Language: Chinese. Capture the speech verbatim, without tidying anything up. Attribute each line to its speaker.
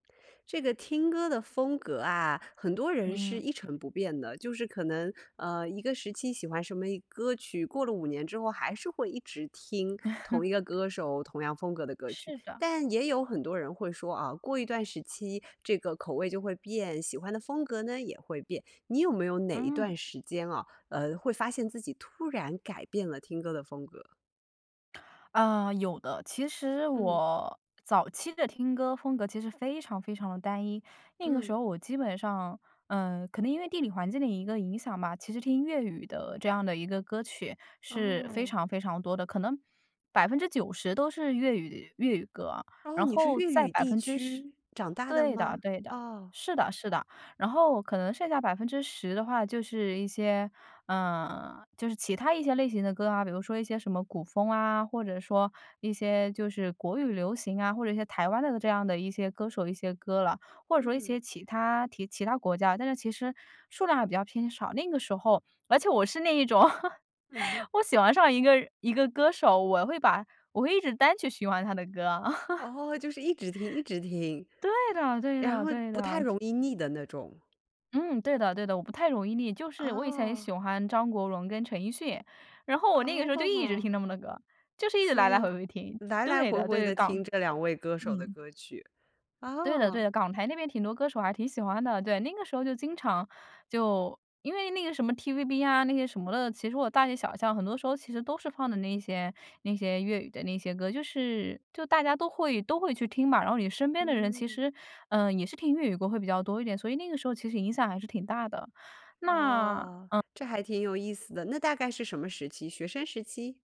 Speaker 1: 这个听歌的风格啊，很多人是
Speaker 2: 嗯。
Speaker 1: 一成不变的。就是可能，呃，一个时期喜欢什么一歌曲，过了五年之后还是会一直听同一个 歌手、同样风格的歌曲，
Speaker 2: 是的。
Speaker 1: 但也有很多人会说啊，过一段时期这个口味就会变，喜欢的风格呢也会变，你有没有哪一
Speaker 2: 嗯。
Speaker 1: 段时间啊，呃，会发现自己突然改变了听歌的风格？
Speaker 2: 嗯，有的，其实
Speaker 1: 嗯。
Speaker 2: 我早期的听歌风格其实非常非常地单一。那个
Speaker 1: 嗯。
Speaker 2: 时候我基本上，嗯，可能因为地理环境的一个影响吧，其实听粤语的这样的一个歌曲是非
Speaker 1: 哦。
Speaker 2: 常非常多的，可能百分之九十都是粤语粤语歌，
Speaker 1: 哦，
Speaker 2: 然
Speaker 1: 你是
Speaker 2: 后
Speaker 1: 粤
Speaker 2: 再
Speaker 1: 语
Speaker 2: 百
Speaker 1: 地
Speaker 2: 分之十
Speaker 1: 区长大的
Speaker 2: 对的
Speaker 1: 吗？
Speaker 2: 对的。
Speaker 1: 啊。
Speaker 2: 是的是的。然后可能剩下百分之十的话就是一些呃，就是其它一些类型的歌啊，比如说一些什么古风啊，或者说一些就是国语流行啊，或者一些台湾的这样的一些歌手，一些歌了，或者说一
Speaker 1: 嗯。
Speaker 2: 些其他提其他国家。但是其实数量还比较偏少，那个时候而且我是那一种，
Speaker 1: 嗯哼。
Speaker 2: 我喜欢上一个人一个歌手，我会把我会一直单曲循环他的歌。
Speaker 1: 哦，就是一直听一直听。
Speaker 2: 对的对
Speaker 1: 然
Speaker 2: 的
Speaker 1: 后
Speaker 2: 对
Speaker 1: 不太
Speaker 2: 的。
Speaker 1: 容易腻的那种。
Speaker 2: 嗯，对的对的，我不太容易腻，就是我以前喜
Speaker 1: 哦。
Speaker 2: 欢张国荣跟陈奕迅。然后我那个时候就一直听
Speaker 1: 哦。
Speaker 2: 他们的歌。就是一直来
Speaker 1: 所
Speaker 2: 来回
Speaker 1: 以，
Speaker 2: 回听。
Speaker 1: 来来
Speaker 2: 对
Speaker 1: 回
Speaker 2: 的
Speaker 1: 回
Speaker 2: 对，
Speaker 1: 地
Speaker 2: 港
Speaker 1: 听这两位歌手的
Speaker 2: 嗯。
Speaker 1: 歌曲，
Speaker 2: 对的对
Speaker 1: 哦。
Speaker 2: 的，港台那边挺多歌手还挺喜欢的，对，那个时候就经常就因为那个什么 TVB 啊那些什么的，其实我大街小巷很多时候其实都是放的那些那些粤语的那些歌。就是就大家都会都会去听嘛，然后你身边的人其
Speaker 1: 嗯。
Speaker 2: 实，嗯，也是听粤语歌会比较多一点，所以那个时候其实影响还是挺大的，那嗯。
Speaker 1: 哦，这还挺有意思的。那大概是什么时期，学生时期？